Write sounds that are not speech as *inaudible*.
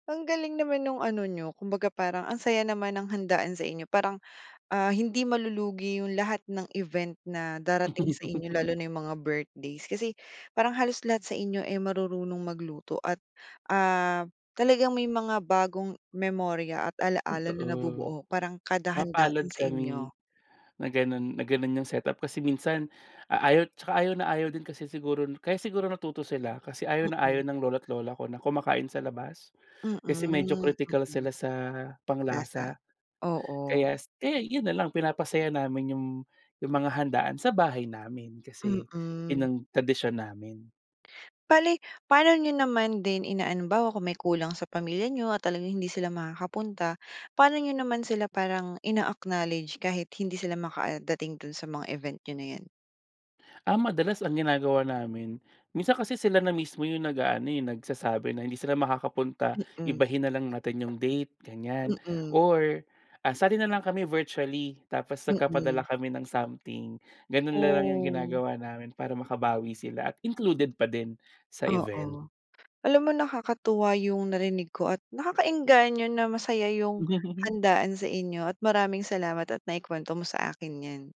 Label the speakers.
Speaker 1: Ang galing naman nung ano niyo kumbaga parang ang saya naman ng handaan sa inyo parang, ah, hindi malulugi yung lahat ng event na darating sa inyo lalo
Speaker 2: *laughs*
Speaker 1: na yung mga birthdays kasi parang halos lahat sa inyo, eh, marurunong magluto at, ah, talagang may mga bagong memorya at ala-ala na
Speaker 2: Totoo.
Speaker 1: nabubuo, parang kada handa
Speaker 2: Mapalad
Speaker 1: dun sa
Speaker 2: kami,
Speaker 1: inyo.
Speaker 2: na ganun na ganun yung set-up kasi minsan a ayaw, saka ayaw na ayaw din kasi siguro nu kaya siguro natuto sila, kasi ayaw na
Speaker 1: Mm.
Speaker 2: ayaw ng lolo't lola ko na kumakain sa labas.
Speaker 1: Mm,
Speaker 2: Kasi medyo kritikal
Speaker 1: mm,
Speaker 2: sila sa
Speaker 1: lasa,
Speaker 2: pang-lasa.
Speaker 1: oo.
Speaker 2: Kaya s kaya yun na lang, pinapasaya namin yung yung mga handaan sa bahay namin, kasi yun
Speaker 1: Mm.
Speaker 2: ang tradisyon namin.
Speaker 1: Bale paano niyo naman din inaano, halimbawa kung may kulang sa pamilya niyo at talagang hindi sila makakapunta, paano niyo naman sila parang ina-acknowledge kahit hindi sila makadating dun sa mga event niyo na yan?
Speaker 2: Ah, madalas ang ginagawa namin, minsan kasi sila na mismo yung nag-aano, eh, nag-sasabi na hindi sila makakapunta.
Speaker 1: Mm.
Speaker 2: Ibahin na lang natin yung date ganiyan
Speaker 1: Mm.
Speaker 2: or, ah, sali na lang kami virtually, tapos nagpapadala
Speaker 1: Mm.
Speaker 2: kami ng something, ganun na lang yung
Speaker 1: Oh.
Speaker 2: ginagawa namin para makabawi sila at included pa din sa event.
Speaker 1: Oo. Alam mo nakakatuwa yung narinig ko at nakaka-engganyo na masaya yung
Speaker 2: *chuckles*
Speaker 1: handaan sa inyo at maraming salamat at nai-kwento mo sa akin yan.